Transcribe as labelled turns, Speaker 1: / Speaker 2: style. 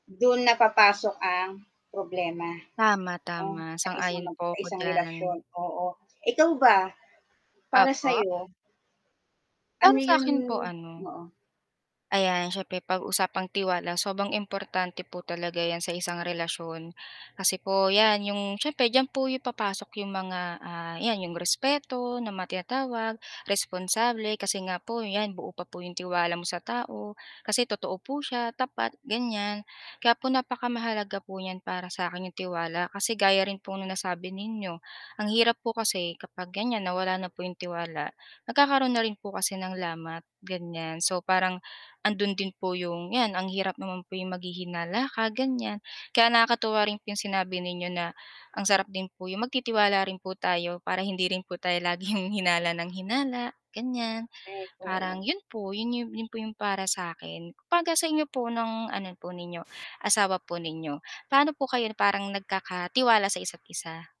Speaker 1: Do'n napapasok ang, problema.
Speaker 2: Tama,
Speaker 1: O
Speaker 2: tama,
Speaker 1: sa isang
Speaker 2: sang-ayon
Speaker 1: mag
Speaker 2: po
Speaker 1: sa
Speaker 2: ako
Speaker 1: isang
Speaker 2: diyan.
Speaker 1: relasyon, oo. Ikaw ba, para
Speaker 2: Opo.
Speaker 1: sayo?
Speaker 2: Para
Speaker 1: Ano
Speaker 2: sa
Speaker 1: yun
Speaker 2: akin po, ano,
Speaker 1: oo.
Speaker 2: ayan, siyempre 'pag usapang tiwala sobrang importante po talaga 'yan sa isang relasyon. Kasi po 'yan 'yong siyempre diyan po 'yong papasok 'yong mga, ah, 'yan 'yong respeto na mga tinatawag, responsable kasi nga po 'yan buo pa po 'yong tiwala mo sa tao, kasi totoo po siya, tapat, ganyan. Kaya po napakamahalaga po niyan para sa akin, 'yong tiwala. Kasi gaya rin po ng nasabi ninyo, ang hirap po kasi kapag ganiyan, nawala na po 'yong tiwala, nagkakaroon na rin po kasi ng lamat, ganiyan. So parang, ando'n din po 'yong 'yan ang hirap naman po 'yong maghihinala ka, ganiyan. Kaya nakakatuwa rin po 'yong sinabi ninyo na, ang sarap din po 'yong magtitiwala rin po tayo para hindi rin po tayo laging hinala nang hinala, ganiyan.
Speaker 1: Ay,
Speaker 2: Parang
Speaker 1: oo.
Speaker 2: 'yon po 'yon po 'yong para sa 'kin. 'Pagka sa inyo po ng ano po ninyo, asawa po ninyo, paano po kayo parang nagkakatiwala sa isa't-isa?